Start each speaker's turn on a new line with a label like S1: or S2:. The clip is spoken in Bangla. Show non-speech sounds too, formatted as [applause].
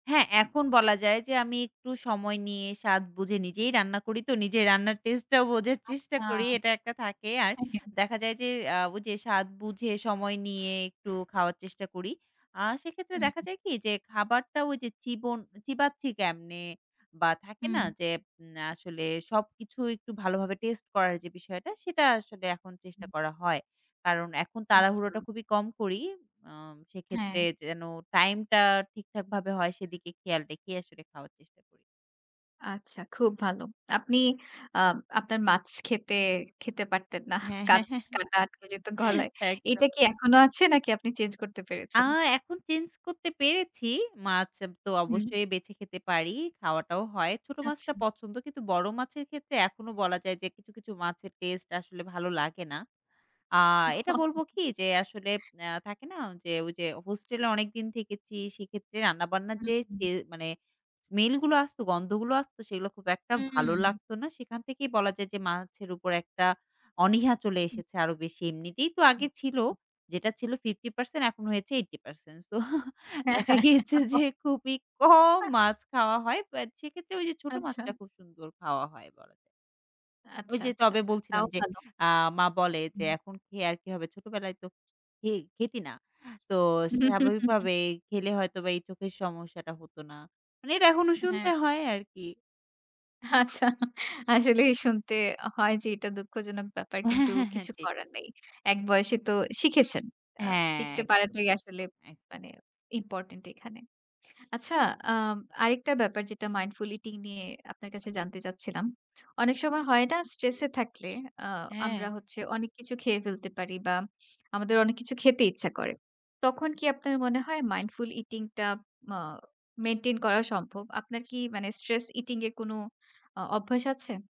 S1: হ্যাঁ এখন বলা যায় যে, আমি একটু সময় নিয়ে স্বাদ বুঝে, নিজেই রান্না করি তো নিজে রান্নার টেস্টেটাও বোঝার চেষ্টা
S2: আচ্ছা।
S1: করি এটা একটা থাকে আর,
S2: হ্যাঁ, হ্যাঁ।
S1: দেখা যায় যে আ ওই যে স্বাদ বুঝে সময় নিয়ে একটু খাওয়ার চেষ্টা করি। আ সেক্ষেত্রে দেখা
S2: হুম।
S1: যায় কি যে, খাবারটাও ওই যে চিবন চিবাচ্ছি কেমনে? বা থাকে না
S2: হুম।
S1: যে, আ আসলে সবকিছু একটু ভালোভাবে টেস্ট করার যে বিষয়টা সেটা আসলে এখন চেষ্টা
S2: হুম।
S1: করা হয়। কারণ এখন
S2: আচ্ছা।
S1: তাড়াহুড়োটা খুবই কম করি। আম সেক্ষেত্রে
S2: হ্যাঁ।
S1: যেন টাইমটা ঠিকঠাকভাবে হয় সেদিকে খেয়াল রেখেই আসলে খাওয়ার চেষ্টা করি।
S2: আচ্ছা খুব ভালো। আপনি আ আপনার মাছ খেতে, খেতে পারতেন না। [chuckles]
S1: হ্যাঁ, হ্যাঁ,
S2: কাট
S1: হ্যাঁ,
S2: কাটা আটকে যেত গলায়।
S1: হ্যাঁ একদম।
S2: এটা কি এখনো আছে? নাকি আপনি চেঞ্জ করতে
S1: আ
S2: পেরেছেন? [smacks lips]
S1: এখন চেঞ্জ করতে পেরেছি। মাছ তো
S2: হুম।
S1: অবশ্যই বেছে খেতে পারি, খাওয়াটাও হয়। ছোট মাছটা
S2: আচ্ছা।
S1: পছন্দ কিন্তু বড় মাছের ক্ষেত্রে এখনো বলা যায় যে কিছু, কিছু মাছের টেস্ট আসলে ভালো লাগে না। আ
S2: ওহ।
S1: এটা
S2: [laughs]
S1: বলবো কি, যে আসলে, আ থাকে না? যে ওই যে, হোস্টেলে অনেকদিন থেকেছি সেক্ষেত্রে রান্নাবান্নার
S2: হুম,
S1: যে
S2: হু।
S1: সে মানে স্মেলগুলো আসত, গন্ধগুলো আসত সেগুলো খুব একটা ভালো
S2: হুম।
S1: লাগত না। সেখান থেকেই বলা যায় যে, মাছের উপর একটা অনীহা চলে
S2: হু।
S1: এসেছে আরো বেশি। এমনিতেই তো
S2: হু,
S1: আগে ছিল
S2: হু।
S1: যেটা ছিল 50% এখন হয়েছে 80%। সো
S2: হ্যাঁ,
S1: দেখা
S2: হ্যাঁ।
S1: গিয়েছে
S2: [laughs]
S1: যে খুবই কম
S2: আহ!
S1: মাছ খাওয়া হয়। বাট সেক্ষেত্রে ওই যে ছোট মাছটা
S2: আচ্ছা।
S1: খুব সুন্দর খাওয়া হয় বলা যায়। ওই
S2: আচ্ছা,
S1: যে
S2: আচ্ছা
S1: তবে বলছিলাম
S2: তাও
S1: যে,
S2: ভালো।
S1: আ মা বলে যে
S2: হু।
S1: "এখন খেয়ে আর কি হবে? ছোটবেলায় তো খে খেতি না। তো
S2: হু, হু, হু, হু।
S1: স্বাভাবিকভাবে খেলে হয়তো বা এই চোখের সমস্যাটা হত না।" মানে এটা এখনো শুনতে
S2: হ্যাঁ।
S1: হয় আরকি।
S2: আচ্ছা। [chuckles] আসলে শুনতে হয় যে, এটা দুঃখজনক ব্যাপার
S1: হ্যাঁ,
S2: কিন্তু
S1: হ্যাঁ, হ্যাঁ।
S2: কিছু
S1: জি।
S2: করার নেই। এক বয়সে তো শিখেছেন। আ
S1: হ্যাঁ।
S2: শিখতে
S1: একদম,
S2: পারাটাই আসলে
S1: একদম, একদম।
S2: মানে ইম্পোর্টেন্ট এখানে। [smacks lips] আচ্ছা আ আরেকটা ব্যাপার যেটা মাইন্ডফুলি টি নিয়ে আপনার কাছে জানতে চাচ্ছিলাম। অনেক সময় হয় না? স্ট্রেস এ থাকলে আ আমরা
S1: হ্যাঁ।
S2: হচ্ছে অনেক কিছু খেয়ে ফেলতে পারি বা আমাদের অনেক কিছু খেতে ইচ্ছা করে। তখন কি আপনার মনে হয় মাইন্ডফুল ইটিং টা ম মেইনটেইন করা সম্ভব। আপনার কি মানে স্ট্রেস ইটিং এ কোন অ অভ্যাস আছে?